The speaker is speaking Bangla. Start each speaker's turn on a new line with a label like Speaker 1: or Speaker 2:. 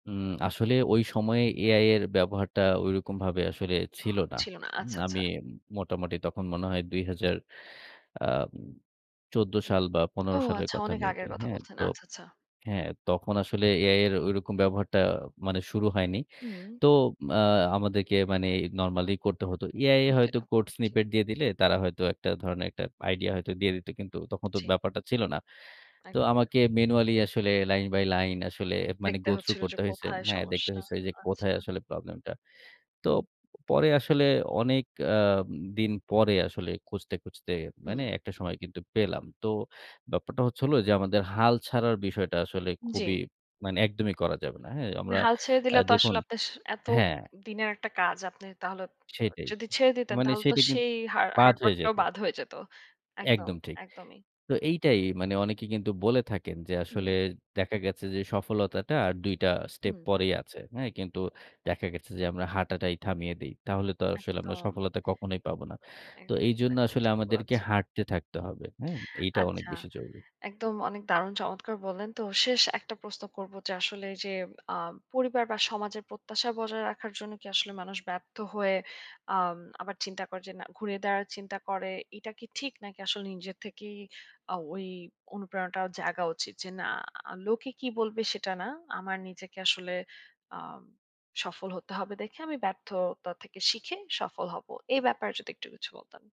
Speaker 1: উম আসলে ওই সময়ে এআই এর ব্যবহারটা ঐরকমভাবে আসলে
Speaker 2: হ
Speaker 1: ছিল না।
Speaker 2: ছিল না।
Speaker 1: উম
Speaker 2: আচ্ছা,
Speaker 1: আমি
Speaker 2: আচ্ছা।
Speaker 1: মোটামুটি তখন মনে হয় ২০০০ আ ১৪ সাল বা
Speaker 2: ও
Speaker 1: ১৫ সালের
Speaker 2: আচ্ছা
Speaker 1: কথা
Speaker 2: অনেক
Speaker 1: মেবি,
Speaker 2: আগের কথা
Speaker 1: হ্যাঁ?
Speaker 2: বলছেন।
Speaker 1: তো
Speaker 2: আচ্ছা, আচ্ছা।
Speaker 1: হ্যাঁ তখন আসলে এআইএর ওইরকম ব্যবহারটা মানে শুরু হয়নি।
Speaker 2: হুম।
Speaker 1: তো আ আমাদেরকে মানে নরমালি করতে হতো। এআই
Speaker 2: জি,
Speaker 1: হয়তো কোডস
Speaker 2: জি।
Speaker 1: স্নিপেট দিয়ে দিলে তারা হয়তো একটা ধরণের একটা আইডিয়াতো দিয়ে দিত। কিন্তু তখন তো
Speaker 2: জী।
Speaker 1: ব্যাপারটা ছিল না। তো
Speaker 2: একদমই না।
Speaker 1: আমাকে ম্যানুয়ালি আসলে লাইন বাই লাইন আসলে মানে
Speaker 2: দেখতে
Speaker 1: গো থ্রু
Speaker 2: হচ্ছিল যে
Speaker 1: করতে হইছে।
Speaker 2: কোথায়
Speaker 1: হ্যাঁ! দেখতে
Speaker 2: সমস্যা।
Speaker 1: হইছে
Speaker 2: আ
Speaker 1: যে কোথায়
Speaker 2: আচ্ছা।
Speaker 1: আসলে প্রবলেম টা। তো পরে আসলে অনেক আ দিন পরে আসলে খুঁজতে, খুঁজতে
Speaker 2: হুম।
Speaker 1: মানে একটা সময় কিন্তু পেলাম। তো ব্যাপারটা হচ্ছে হলো যে আমাদের হাল ছাড়ার বিষয়টা আসলে খুবই
Speaker 2: জ্বী।
Speaker 1: মানে একদমই করা যাবে না। হ্যাঁ? আমরা
Speaker 2: হাল ছেড়ে
Speaker 1: অ্যা
Speaker 2: দিলে তো
Speaker 1: দেখুন
Speaker 2: আসলে আপনার স এত
Speaker 1: হ্যাঁ।
Speaker 2: দিনের একটা কাজ। আপনি তাহলে
Speaker 1: সেটাই।
Speaker 2: যদি ছেড়ে দিতেন
Speaker 1: মানে
Speaker 2: তাহলে তো
Speaker 1: সেইটা কিন্তু
Speaker 2: সেই হা
Speaker 1: বাদ
Speaker 2: হার্ড ওয়ার্ক
Speaker 1: হয়ে
Speaker 2: টাও
Speaker 1: যেত।
Speaker 2: বাদ হয়ে যেত। একদম
Speaker 1: একদম ঠিক।
Speaker 2: একদমই।
Speaker 1: তো এইটাই ,মানে অনেকে কিন্তু বলে থাকেন যে আসলে
Speaker 2: হুম।
Speaker 1: দেখা গেছে যে সফলতাটা আর ২ টা স্টেপ
Speaker 2: হুম।
Speaker 1: পরেই আছে। হ্যাঁ, কিন্তু দেখা গেছে যে আমরা হাঁটাটাই থামিয়ে দেই। তাহলে তো আসলে আমরা
Speaker 2: একদম।
Speaker 1: সফলতা কখনোই পাবো না।
Speaker 2: এ
Speaker 1: তো
Speaker 2: এটাতো
Speaker 1: এইজন্য
Speaker 2: একদম
Speaker 1: আসলে
Speaker 2: ঠিক
Speaker 1: আমাদেরকে
Speaker 2: বলচ্ছেন।
Speaker 1: হাঁটতে থাকতে হবে। হ্যাঁ? এইটা অনেক
Speaker 2: আচ্ছা,
Speaker 1: বেশি জরুরি।
Speaker 2: একদম অনেক দারুণ চমৎকার বললেন। তো শেষ একটা প্রশ্ন করব যে আসলে এই যে, আ পরিবার বা সমাজের প্রত্যাশা বজায় রাখার জন্য কি আসলে মানুষ ব্যর্থ হয়ে আ আবার চিন্তা করে যে না ঘুরিয়ে দাঁড়া চিন্তা করে এটা কি ঠিক নাকি আসলে নিজের থেকেই আ ওই অনুপ্রেরণাটা জাগা উচিত? যে না লোকে কি বলবে সেটা না, আমার নিজেকে আসলে আ সফল হতে হবে দেখে আমি ব্যর্থতা থেকে শিখে সফল হব। এ ব্যাপারে যদি একটু কিছু বলতেন?